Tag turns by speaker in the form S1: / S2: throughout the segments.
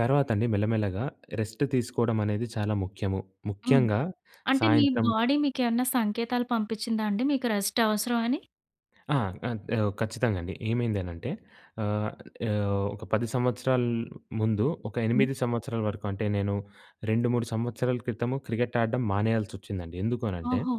S1: తర్వాత అండి మెల్లమెల్లగా రెస్ట్ తీసుకోవడం అనేది చాలా ముఖ్యము.
S2: హ్మ్.
S1: ముఖ్యంగా
S2: అంటే మీ
S1: సాయంత్రం
S2: బాడీ మీకేమన్నా సంకేతాలు పంపించిందాండి మీకు రెస్ట్ అవసరం అని?
S1: ఆ! ఆహ్, ఓ ఖచ్చితంగా అండి. ఏమైందనంటే ఆహ్, ఓ ఒక 10 సంవత్సరాల ముందు, ఒక
S2: హ్మ్.
S1: 8 సంవత్సరాల వరకు, అంటే నేను 2, 3 సంవత్సరాల క్రితము క్రికెట్ ఆడడం మానేయాల్సొచ్చిందండి. ఎందుకు అనంటే,
S2: ఓహో!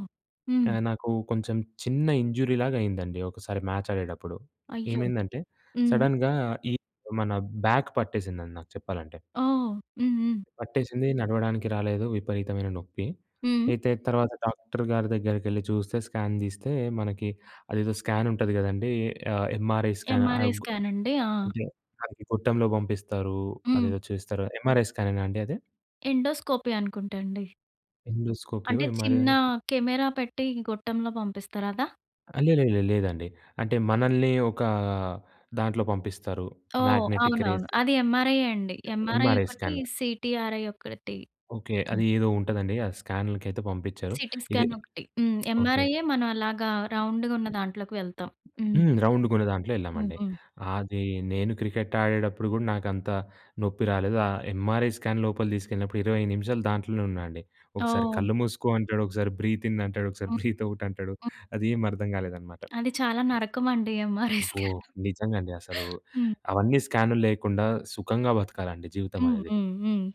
S2: హ్మ్.
S1: నాకు కొంచెం చిన్న ఇంజురీలాగా అయిందండి ఒకసారి మ్యాచ్ ఆడేటప్పుడు.
S2: అయ్యో!
S1: ఏమైందంటే
S2: హ్మ్.
S1: సడెన్‌గా ఈ మన బ్యాక్ పట్టేసిందండి నాకు చెప్పాలంటే.
S2: ఓహ్! హ్మ్. హ్మ్.
S1: పట్టేసింది. నడవడానికి రాలేదు. విపరీతమైన నొప్పి.
S2: హ్మ్.
S1: అయితే తర్వాత డాక్టర్ గారి దగ్గరికెళ్లి చూస్తే స్కాన్ తీస్తే, మనకి అదేదో స్కాన్ ఉంటది కదండీ. ఆహ్, ఎంఆర్ఐ స్కాన్
S2: ఎంఆర్ఐ
S1: ఆగొ
S2: స్కాన్ అండి. ఆ!
S1: అంటే, అదికి గుట్టంలో పంపిస్తారు.
S2: హ్మ్.
S1: అదేదో చేస్తారు. ఎంఆర్ఐ స్కానేనా అండి అది?
S2: ఎండోస్కోపీ అనుకుంటండి.
S1: ఎండోస్కోపియో
S2: అంటే
S1: ఎంఆర్ఐ.
S2: చిన్న కెమెరా పెట్టి గొట్టంలో పంపిస్తరదా?
S1: ఆ! లేలేలే. లేదండి. అంటే మనల్ని ఒక దాంట్లో పంపిస్తారు
S2: ఓహ్!
S1: మాగ్నెటిక్
S2: అవునవును.
S1: రేస్
S2: అది ఏంఆర్ఐ యే అండి. ఎంఆర్ఐ
S1: ఎంఆర్ఐ
S2: ఒకటి,
S1: స్కాన్.
S2: సీటీఆర్ఐ ఒకటి.
S1: ఓకే.
S2: హ్మ్.
S1: అది ఏదో ఉంటుందండి ఆ స్కాన్లకైతే పంపించారు.
S2: సీటీ
S1: ఇది
S2: స్కాన్ ఒకటి. హ్మ్.
S1: ఓకే.
S2: ఏంఆర్ఐఏ మనం అలాగా రౌండ్‌గున్న దాంట్లోకి వెళ్తాం. హ్మ్.
S1: హ్మ్. రౌండ్‌గా ఉన్న దాంట్లో
S2: హ్మ్.
S1: ఎళ్ళామండి.
S2: హ్మ్.
S1: అది నేను క్రికెట్ ఆడేటప్పుడు కూడా నాకు అంత నొప్పి రాలేదు. ఆ ఎంఆర్ఐ స్కాన్ లోపలకి తీసుకెళ్ళినప్పుడు 20 నిమిషాలు దాంట్లోనే ఉన్నానండి. ఒకసారి
S2: ఓహ్!
S1: కళ్ళు మూసుకో అంటాడు. ఒకసారి బ్రీత్ ఇన్ అంటాడు. ఒకసారి
S2: హ్మ్,
S1: బ్రీత్ ఔట్ అంటాడు.
S2: హ్మ్.
S1: అదేమీ అర్థం కాలేదనమాట.
S2: అది చాలా నరకం అండి. ఎంఆర్ఐ
S1: అబ్బో!
S2: స్కాన్.
S1: నిజంగా అండి అసలు.
S2: హ్మ్.
S1: అవన్నీ స్కాన్లు లేకుండా సుఖంగా బతకాలండి జీవితం
S2: హ్మ్.
S1: అనేది.
S2: హ్మ్. హ్మ్.